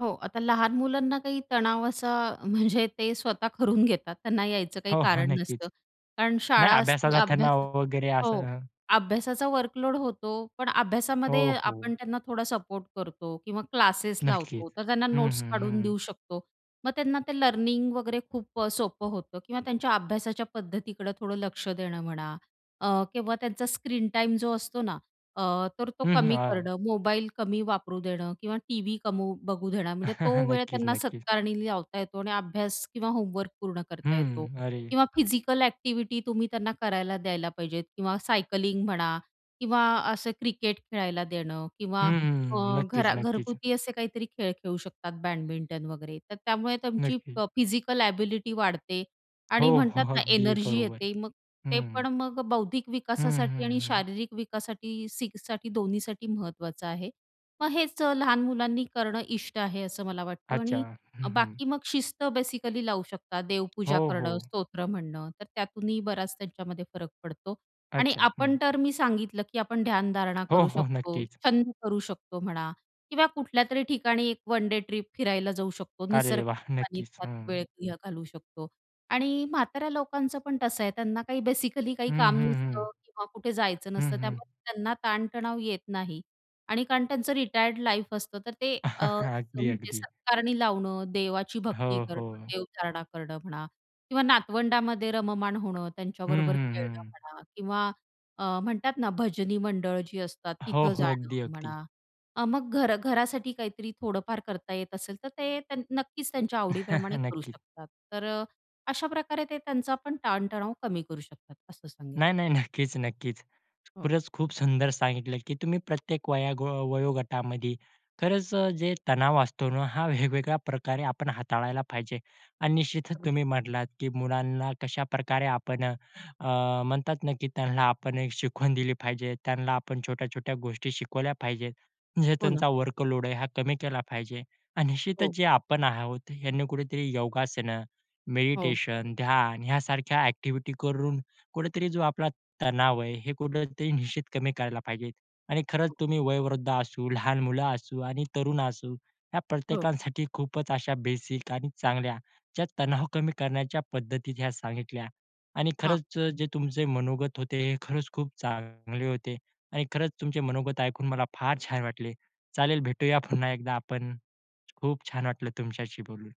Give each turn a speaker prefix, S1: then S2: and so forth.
S1: हो. आता लहान मुलांना काही तणाव असा म्हणजे ते स्वतः करून घेतात, त्यांना यायचं काही
S2: हो, हो
S1: कारण
S2: नक्कीच.
S1: नसतं. कारण शाळा
S2: नाही
S1: असती,
S2: अभ्यासला
S1: अभ्यास
S2: तणाव वगैरे
S1: हो.
S2: असं
S1: अभ्यासाचा वर्कलोड होतो पण अभ्यासामध्ये
S2: हो,
S1: आपण
S2: हो.
S1: त्यांना थोडा सपोर्ट करतो किंवा क्लासेस
S2: नक्कीच
S1: लावतो. तर त्यांना
S2: हं,
S1: नोट्स
S2: हं, हं,
S1: काढून
S2: हं.
S1: देऊ शकतो. मग त्यांना ते लर्निंग वगैरे खूप अ, सोपं होतं किंवा त्यांच्या अभ्यासाच्या पद्धतीकडं थोडं लक्ष देणं म्हणा अ, किंवा त्यांचा स्क्रीन टाईम जो असतो ना अ, तर तो
S2: हं, हं.
S1: कमी
S2: हां.
S1: करणं. मोबाईल कमी वापरू देणं किंवा टीव्ही कमी बघू देणं. म्हणजे तो वेळ
S2: नक्कीच,
S1: त्यांना
S2: नक्कीच.
S1: सत्कारणी लावता येतो आणि अभ्यास किंवा होमवर्क पूर्ण
S2: हं,
S1: करता येतो
S2: हं. अरे!
S1: किंवा फिजिकल ॲक्टिव्हिटी तुम्ही त्यांना करायला द्यायला पाहिजेत किंवा सायकलिंग म्हणा किंवा असं क्रिकेट खेळायला देणं
S2: हं,
S1: किंवा
S2: हं,
S1: अ,
S2: हं. नक्कीच,
S1: घरा
S2: नक्कीच.
S1: घरगुती असे काहीतरी खेळ खेळू शकतात, बॅडमिंटन वगैरे. तर त्यामुळे तुमची
S2: नक्कीच.
S1: प फिजिकल एबिलिटी वाढते
S2: हो.
S1: आणि म्हणतात
S2: हो.
S1: ना,
S2: अगदी
S1: एनर्जी
S2: बरोबर.
S1: येते. मग
S2: हं,
S1: ते
S2: हं.
S1: पण मग बौद्धिक
S2: हं,
S1: विकासासाठी
S2: हं,
S1: आणि
S2: हं, हं.
S1: शारीरिक विकासासाठी सी साठी दोन्हीसाठी महत्त्वाचं आहे. मग हेच अ, लहान मुलांनी करणं इष्ट आहे, असं मला वाटतं.
S2: अच्छा.
S1: आणि
S2: हं, हं.
S1: बाकी मग शिस्त बेसिकली लावू शकतात. देवपूजा
S2: हो,
S1: करणं,
S2: हो.
S1: स्तोत्र म्हणणं. तर त्यातूनही बराच त्यांच्यामध्ये फरक पडतो आणि
S2: अच्छा. हं.
S1: आपण तर मी सांगितलं, की आपण ध्यानधारणा
S2: हो,
S1: करू
S2: हो.
S1: शकतो.
S2: नक्कीच.
S1: छंद करू शकतो म्हणा किंवा कुठल्यातरी ठिकाणी एक 1 डे ट्रिप फिरायला जाऊ शकतो.
S2: अरे वाह!
S1: निसर्गाच्या
S2: नक्कीच.
S1: सानिध्यात
S2: हं.
S1: वेळ [unintelligible] घालू शकतो आणि म्हाताऱ्या लोकांचं पण तसं आहे. त्यांना काही बेसिकली काही
S2: हं,
S1: काम
S2: हं, हं.
S1: नसतं किंवा कुठे जायचं
S2: हं,
S1: नसतं
S2: हं.
S1: त्यामुळे त्यांना ताणतणाव येत नाही आणि कारण त्यांचं रिटायर्ड लाईफ असतं तर ते अ,
S2: अगदी,
S1: म्हणजे
S2: अगदी.
S1: सत्कारणी लावणं, देवाची भक्ती
S2: हो,
S1: करणं,
S2: हो.
S1: देवधारणा करणं म्हणा किंवा नातवंडामध्ये रममाण होणं
S2: हं,
S1: त्यांच्याबरोबर
S2: हं,
S1: खेळणं
S2: हं.
S1: म्हणा किंवा अ, म्हणतात ना भजनी मंडळ जी असतात
S2: हो,
S1: तिथं
S2: हो.
S1: जाणं
S2: अगदी, अगदी.
S1: म्हणा. अ, मग घरा घरासाठी काहीतरी थोडंफार करता येत असेल, तर ते त्यां नक्कीच त्यांच्या आवडीप्रमाणे करू
S2: नक्कीच.
S1: शकतात. तर अ, अशाप्रकारे ते त्यांचा पण ताणतणाव कमी करू शकतात, असं सांगेन.
S2: नाही, नाही. नक्कीच, नक्कीच.
S1: हो.
S2: खरंच खूप सुंदर सांगितलं, की तुम्ही प्रत्येक वयोगो वयोगटामध्ये खरंच अ, जे तणाव असतो ना, हा वेगवेगळ्या प्रकारे आपण हाताळायला पाहिजे. आणि निश्चितच
S1: अगदी.
S2: तुम्ही म्हणलात, की मुलांना कशाप्रकारे आपण अ, म्हणतात ना, की त्यांना आपण एक शिकवण दिली पाहिजे. त्यांना आपण छोट्या-छोट्या गोष्टी शिकवल्या पाहिजेत. म्हणजे
S1: हो ना.
S2: त्यांचा वर्कलोड आहे, हा कमी केला पाहिजे. आणि निश्चितच
S1: हो.
S2: जे आपण आहोत, ह्यांनी कुठेतरी योगासनं,
S1: हो.
S2: मेडिटेशन, ध्यान यासारख्या ॲक्टिव्हिटी करून कुठेतरी जो आपला तणाव आहे, हे कुठेतरी निश्चित कमी करायला पाहिजे. आणि खरंच
S1: हो.
S2: तुम्ही वयोवृद्ध असू, लहान मुलं असू आणि तरुण असू, या
S1: हो.
S2: प्रत्येकांसाठी खूपच अशा बेसिक आणि चांगल्या ज्या तणाव कमी करण्याच्या पद्धती ज्या सांगितल्या. आणि
S1: हां.
S2: खरंच अ, जे तुमचे मनोगत होते. हे खरंच खूप चांगले होते आणि खरंच तुमचे मनोगत ऐकून मला फार छान वाटले. चालेल, भेटूया पुन्हा एकदा आपण. खूप छान वाटलं तुमच्याशी बोलून.